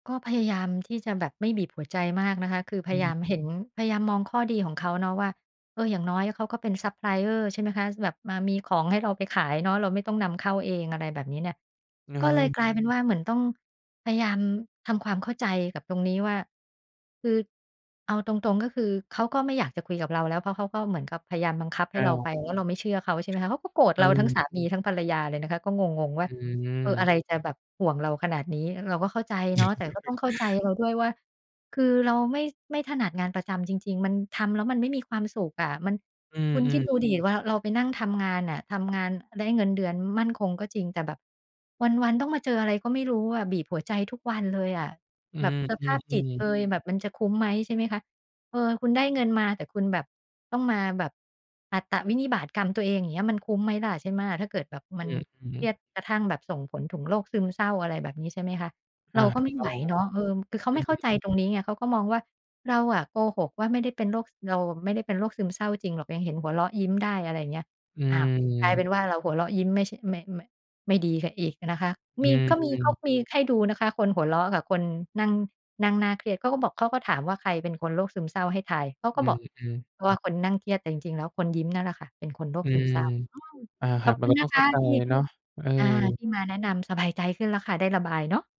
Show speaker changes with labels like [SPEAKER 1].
[SPEAKER 1] ก็พยายามที่จะแบบไม่บีบหัวใจมากนะคะ คือพ
[SPEAKER 2] อื
[SPEAKER 1] ยาย
[SPEAKER 2] ม
[SPEAKER 1] ามเห็น พยายามมองข้อดีของเขาเนาะว่า เออ อย่างน้อยเขาก็เป็นซัปพลายเออร์ ใช่ไหมคะ แบบมามีของให้เราไปขายเนาะ เราไม่ต้องนำเข้าเอง อะไรแบบนี้เนี่ย
[SPEAKER 2] เงิ
[SPEAKER 1] ก็เลย
[SPEAKER 2] ม
[SPEAKER 1] กลายเป็นว่า เหมือนต้องพยายามทำความเข้าใจกับตรงนี้ว่า คือ เอาตรง ๆ ก็คือเขาก็ไม่อยากจะคุยกับเราแล้ว เพราะเขาก็เหมือนกับพยายามบังคับ ให
[SPEAKER 2] อ
[SPEAKER 1] ้เรา
[SPEAKER 2] า
[SPEAKER 1] ไป แล้วเราไม่เชื่อเขา ใช่ไหมคะ เขาก็โกรธ
[SPEAKER 2] เ
[SPEAKER 1] เราทั้ง
[SPEAKER 2] ออ
[SPEAKER 1] สามีทั้งภรรยาเลยนะคะ ก็งง ๆ ว่
[SPEAKER 2] อ
[SPEAKER 1] า
[SPEAKER 2] ื
[SPEAKER 1] เออ อะไ
[SPEAKER 2] ม
[SPEAKER 1] รจะแบบห่วงเราขนาดนี้ เราก็เข้าใจเนาะ แต่ก็ต้องเข้าใจเราด้วยว่า คือเราไม่ ไม่ถนัดงานประจำจริง ๆ มันทำแล้ว มันไม่มีความสุขอะ มัน
[SPEAKER 2] อื
[SPEAKER 1] คุณ คิ
[SPEAKER 2] อ
[SPEAKER 1] ดด
[SPEAKER 2] ๆ
[SPEAKER 1] ูดิ ว่าเราไปนั่งทำงานอะ ทำงานได้เงินเดือนมั่นคงก็จริง แต่แบบวัน ๆ ต้องมาเจออะไรก็ไม่รู้อะ บีบหัวใจทุกวันเลยอะ
[SPEAKER 2] อื
[SPEAKER 1] แบบสภาพจิต
[SPEAKER 2] อ ๆ
[SPEAKER 1] เ
[SPEAKER 2] ๆ
[SPEAKER 1] อย แบบมันจะคุ้มไหม ใช่ไหมคะ เออ คุณได้เงินมา แต่คุณแบบต้องมาแบบอัตวินิบาตกรรมตัวเองอย่างเงี้ย มันคุ้มไหมล่ะ ใช่ไหม ถ้าเกิดแบบ
[SPEAKER 2] อ
[SPEAKER 1] ม
[SPEAKER 2] ื
[SPEAKER 1] ัน
[SPEAKER 2] ม อืม
[SPEAKER 1] เครียดกระทั่งแบบส่งผลถึงโรคซึมเศร้า อะไรแบบนี้ ใช่ไหมคะ
[SPEAKER 2] อ
[SPEAKER 1] เ
[SPEAKER 2] า
[SPEAKER 1] ราก็
[SPEAKER 2] ถู
[SPEAKER 1] ไ
[SPEAKER 2] ก
[SPEAKER 1] ม่
[SPEAKER 2] ต
[SPEAKER 1] ไ
[SPEAKER 2] ้อ
[SPEAKER 1] หว
[SPEAKER 2] ง
[SPEAKER 1] เนาะ เออ คือเขา
[SPEAKER 2] อื
[SPEAKER 1] ไม่เข้า
[SPEAKER 2] อ
[SPEAKER 1] ใจตรงนี้ไง เขาก็มองว่า เราอะโกหกว่าไม่ได้เป็นโรค เราไม่ได้เป็นโรคซึมเศร้าจริงหรอก ยังเห็นหัวเราะยิ้มได้ อะไรอย่างเงี้ย
[SPEAKER 2] อ
[SPEAKER 1] อ้าว กลาย เป็
[SPEAKER 2] ืม
[SPEAKER 1] นว่า เราหัวเราะยิ้มไม่ ช ไม่ ไม่ ไม่ดีซะอีกนะคะ
[SPEAKER 2] อื
[SPEAKER 1] มี
[SPEAKER 2] ม
[SPEAKER 1] ก็มี
[SPEAKER 2] อื
[SPEAKER 1] ก็
[SPEAKER 2] ม
[SPEAKER 1] มีให้ดูนะคะ คนหัวเราะกับคนนั่ง นั่งหน้าเครียด เขาก็บอก เขาก็ถามว่าใครเป็นคนโรคซึมเศร้าให้ทาย เขา
[SPEAKER 2] อ
[SPEAKER 1] ก
[SPEAKER 2] ื
[SPEAKER 1] ็บอก
[SPEAKER 2] อ ๆ
[SPEAKER 1] เพราะว่าคนนั่งเครียด แต่จริง ๆ แล้วคนยิ้มนั่นแหละค่ะเป็นคนโร
[SPEAKER 2] อ
[SPEAKER 1] ค
[SPEAKER 2] ื
[SPEAKER 1] ซึม
[SPEAKER 2] ม
[SPEAKER 1] เศร้า อืม
[SPEAKER 2] อาค
[SPEAKER 1] ข
[SPEAKER 2] รั
[SPEAKER 1] อ
[SPEAKER 2] บ
[SPEAKER 1] บ
[SPEAKER 2] ม
[SPEAKER 1] ค
[SPEAKER 2] ัน
[SPEAKER 1] ุณ
[SPEAKER 2] ก็
[SPEAKER 1] น
[SPEAKER 2] ต้อ
[SPEAKER 1] ะ
[SPEAKER 2] ง
[SPEAKER 1] ค
[SPEAKER 2] เข้า
[SPEAKER 1] ะ
[SPEAKER 2] ใจ
[SPEAKER 1] ที่
[SPEAKER 2] เนาะ เออ
[SPEAKER 1] อา ที่มาแนะนำ สบายใจขึ้นแล้วค่ะ ได้ระบายเนาะ